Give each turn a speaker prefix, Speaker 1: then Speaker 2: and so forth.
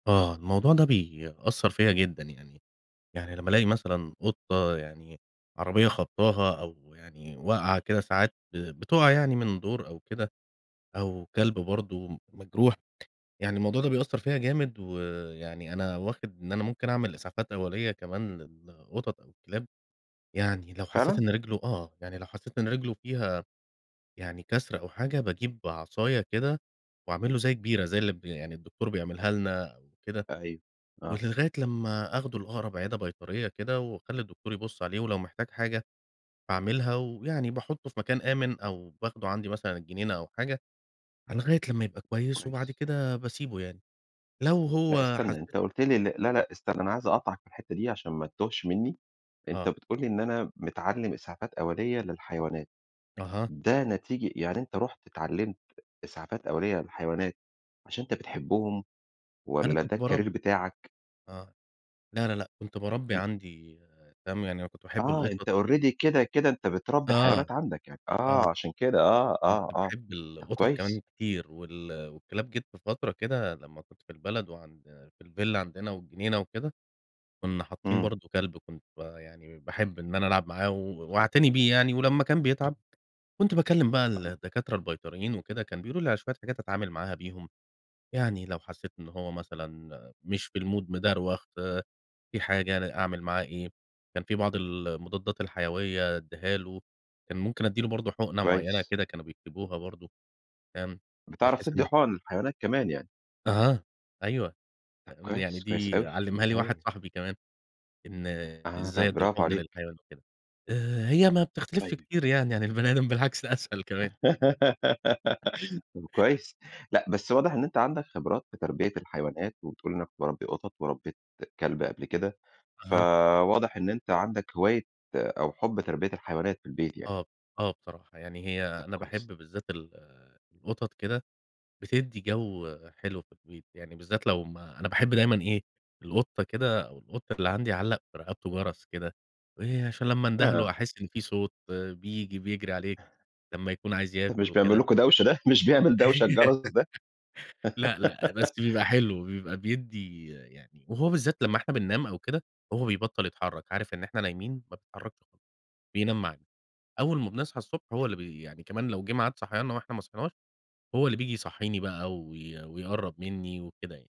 Speaker 1: آه، الموضوع ده بيأثر فيا جدًا يعني، يعني لمّا ألاقي مثلًا قطة يعني عربيّة خبطاها، أو يعني واقعة كده ساعات بتقع يعني من دور أو كده، أو كلب برضه مجروح يعني الموضوع ده بيأثّر فيا جامد، ويعني أنا واخد إن أنا ممكن أعمل إسعافات أوّليّة كمان للقطط أو الكلاب، يعني لو حَسَّيت
Speaker 2: فعلًا!
Speaker 1: إن رجله آه، يعني لو حَسَّيت إن رجلُه فيها يعني كسر أو حاجة، باجيب عصايا كده، وأعمل له زي جبيرة، زي اللي ب يعني الدكتور بيعملها لنا أو كده.
Speaker 2: أ أيوه، آه.
Speaker 1: ولغاية لما آخُده لأقرب عيادة بيطريّة كده، وأخلّي الدكتور يبُص عليه ولو محتاج حاجة باعملها، ويعني باحُطُّه في مكان آمِن أو باخده عندي مثلًا الجنينة أو حاجة، أ لغاية لمّا يبقى كويس وبعد
Speaker 2: كويس.
Speaker 1: كده باسيبه يعني، لو
Speaker 2: لأ،
Speaker 1: هو حس
Speaker 2: استنّى أنت قُلت لي لا، لأ، استنّى أنا عايز أقاطعك في الحِتّة دي عشان ما تتوهش مِنِّي، أنت
Speaker 1: آه.
Speaker 2: بتقول لي إن أنا متعلم إسعافات أولية للحيوانات.
Speaker 1: أها.
Speaker 2: ده نتيج يعني أنت رُحت اتعلمت إسعافات أولية للحيوانات، عشان أنت بتحبهم،
Speaker 1: أنا
Speaker 2: والّا ده
Speaker 1: كنت بارب
Speaker 2: الCareer بتاعك؟
Speaker 1: آه، لا لا لأ، كنت باربي
Speaker 2: امم.
Speaker 1: عندي فاهم، يعني أنا كنت باحب
Speaker 2: آه، أنت
Speaker 1: القطط.
Speaker 2: Already كده، كده أنت بتربي
Speaker 1: آه،
Speaker 2: حيوانات عندك يعني،
Speaker 1: آه،
Speaker 2: آه، عشان كده آه،
Speaker 1: كنت
Speaker 2: آه، آه،
Speaker 1: باحب
Speaker 2: طب
Speaker 1: القطط
Speaker 2: كويس.
Speaker 1: كمان كتير، وال والكلاب جيت في فترة كده لمّا كنت في البلد، وعند في الفيلّا عندنا والجنينة وكده، كُنّا حاطّين
Speaker 2: إمم.
Speaker 1: برضه كلب كنت با يعني باحب إن أنا ألعب معاه و وأعتني بيه يعني، ولمّا كان بيتعب كنت باكلم بقى
Speaker 2: آه.
Speaker 1: الدكاترة البيطريّين وكده، كان بيقولوا لي على شوية حاجات أتعامل معاها بيهم، يعني لو حَسّيت إن هو مثلًا مش في الMood، مدروخ، في حاجة، أنا أعمل معاه إيه، كان في بعض ال المُضادّات الحيوية أدّيها له، كان ممكن أدّي له برضه حقنة مُعيّنة
Speaker 2: كويس.
Speaker 1: كده كانوا بيكتبوها برضه، فاهم،
Speaker 2: بتعرف
Speaker 1: بتحِسّ
Speaker 2: تدّي
Speaker 1: إن
Speaker 2: حقن للحيوانات كمان يعني.
Speaker 1: أها، أيوه،
Speaker 2: طب
Speaker 1: أن يعني
Speaker 2: كويس، كويس
Speaker 1: دي
Speaker 2: أوي،
Speaker 1: علِّمها لي واحد
Speaker 2: هايل.
Speaker 1: صاحبي كمان، إن
Speaker 2: آه، طب
Speaker 1: إزاي أدّي
Speaker 2: براڤو
Speaker 1: الحُقنة
Speaker 2: عليك.
Speaker 1: للحيوان وكده، آآ هي ما بتختلفش
Speaker 2: طيب.
Speaker 1: كتير يعني عن البني أدم، بالعكس أسهل كمان.
Speaker 2: طب
Speaker 1: ىتةاغلف
Speaker 2: كويس، لأ، بس واضح إن أنت عندك خبرات في تربية الحيوانات، وبتقول إنك مُرَبِّي قطط، وربّيت كلب قبل كده،
Speaker 1: أها.
Speaker 2: فواضح إن أنت عندك هواية أو حب تربية الحيوانات في البيت يعني.
Speaker 1: آه، آه بصراحة، يعني هي
Speaker 2: طب
Speaker 1: أنا
Speaker 2: كويس.
Speaker 1: باحب بالذات ال القطط كده، بتدّي جو حلو في البيت، يعني بالذات لو ما أنا باحب دايمًا إيه القطة كده أو القط اللي عندي أعلق في رقبته جرس كده، آآ عشان لما أنده له
Speaker 2: [unintelligible]
Speaker 1: أحِسّ إن في صوت بييجي، بيجري عليك، لما يكون عايز
Speaker 2: طب
Speaker 1: ياكل
Speaker 2: مش بيعمل
Speaker 1: وكده.
Speaker 2: لكم دوشة ده، مش بيعمل دوشة الجرس ده؟
Speaker 1: لأ، لأ بس بيبقى حلو، بيبقى بيدّي يعني وهو بالذات لمّا إحنا بننام أو كده، هو بيبطل يتحرك، عارف إن إحنا نايمين مبيتحرّكش خالص بينام معانا، أول ما بنصحى الصبح هو اللي بي يعني كمان لو جِه معاد صحياننا وإحنا ما صحيناش، هو اللي بييجي يصحّيني بقى و ويقرَّب مني وكده يعني.